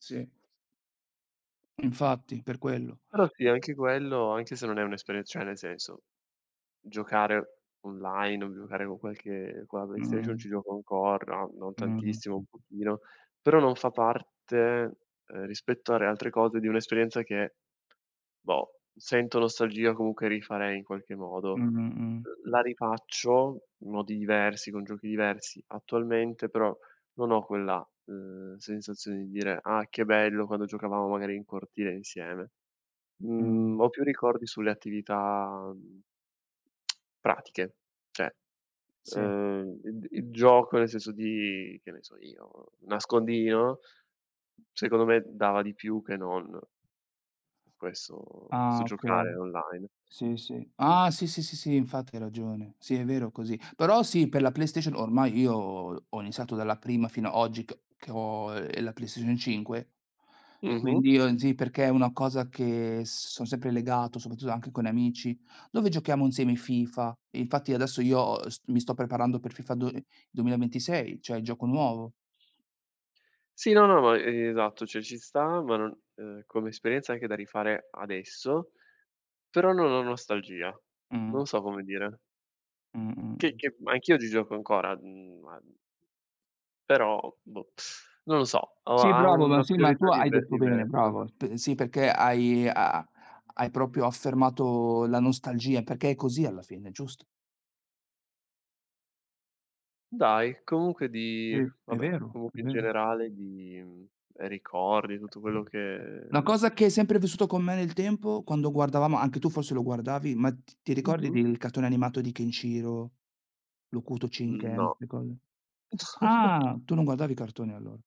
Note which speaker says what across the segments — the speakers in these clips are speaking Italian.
Speaker 1: Sì. Infatti per quello.
Speaker 2: Però sì,
Speaker 1: M
Speaker 2: anche quello, anche se non è un'esperienz cioè nel senso giocare online, o giocare con qualche con la Play Station, ci
Speaker 1: Mh.
Speaker 2: gioco ancora, no non
Speaker 1: Mh-mh.
Speaker 2: tantissimo un pochino, però non fa parte, ehm, rispetto alle altre cose di un'esperienza che, boh, sento nostalgia, comunque rifarei in qualche modo.
Speaker 1: Mh-mh. Mh.
Speaker 2: L la rifaccio in modi diversi, con giochi diversi attualmente, però, non ho quella, uhm, sensazione di dire: "Ah che bello quando giocavamo magari in cortile insieme!" Mhmm,
Speaker 1: Mh.
Speaker 2: ho più ricordi sulle attività, mhmm, pratiche. Cioè,
Speaker 1: Sì.
Speaker 2: uhm, id il gioco nel senso di, che ne so io, nascondino secondo me dava di più che non questo questo
Speaker 1: Ah! Okay.
Speaker 2: giocare online.
Speaker 1: Sì sì. Ah! Sì, sì, sì, sì, infatti hai ragione. Sì è vero così. Però sì per la Play Station ormai io ho iniziato dalla prima fino a oggi c che ho, ehm, la Play Station 5 e
Speaker 2: Mh-mh.
Speaker 1: quindi io sì perché è una cosa che son sempre legato soprattutto anche con amici, dove giochiamo insieme FIFA. Infatti adesso io, uhm, s mi sto preparando per FIFA do uhm, 2026, cioè il gioco nuovo.
Speaker 2: Sì, no, no, ma esatto, cioè ci sta, ma non ehm, come esperienza anche da rifare adesso, però non ho nostalgia.
Speaker 1: Mh.
Speaker 2: Non so come dire. Che
Speaker 1: Mh-mh.
Speaker 2: che anch'io oggi gioco ancora, mhmm, ma però, boh. Non lo so, o
Speaker 1: Sì
Speaker 2: ha
Speaker 1: bravo, ma
Speaker 2: una
Speaker 1: sì, ma tu
Speaker 2: priorità
Speaker 1: hai
Speaker 2: dive
Speaker 1: detto bene,
Speaker 2: diversa.
Speaker 1: bravo. P sì, perché hai ha hai proprio affermato la nostalgia, perché è così alla fine, giusto.
Speaker 2: Dai! Comunque di
Speaker 1: Sì, è
Speaker 2: vabbè
Speaker 1: vero, è
Speaker 2: comunque in
Speaker 1: vero.
Speaker 2: generale di mhmm, ricordi, tutto quello che
Speaker 1: Una cosa che hai sempre vissuto con me nel tempo? Quando guardavamo, anche tu forse lo guardavi, ma t ti ricordi
Speaker 2: Mh-mh.
Speaker 1: del cartone animato di Ken Shiro, l'Hokuto
Speaker 2: N
Speaker 1: Shinken?
Speaker 2: no.
Speaker 1: Ste cose?
Speaker 2: No
Speaker 1: Ah! Tu non guardavi cartoni allora?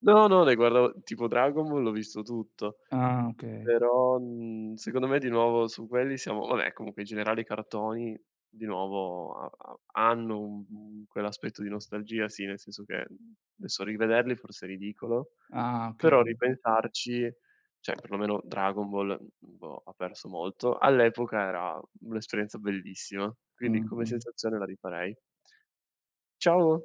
Speaker 2: No, no, ne guardavo, tipo Dragon Ball l'ho visto tutto,
Speaker 1: Ah Okay.
Speaker 2: però, mhmm, secondo me di nuovo su quelli siamo vabbè comunque in generale i cartoni di nuovo ha ha hanno, uhm, quell'aspetto di nostalgia sì, nel senso che adesso rivederli forse è ridicolo,
Speaker 1: Ah! Okay.
Speaker 2: però
Speaker 1: Mh.
Speaker 2: ripensarci, cioè perlomeno Dragon Ball, boh, ha perso molto. All'epoca era un'esperienza bellissima, quindi come
Speaker 1: Mh-mh.
Speaker 2: sensazione la rifarei. Ciao.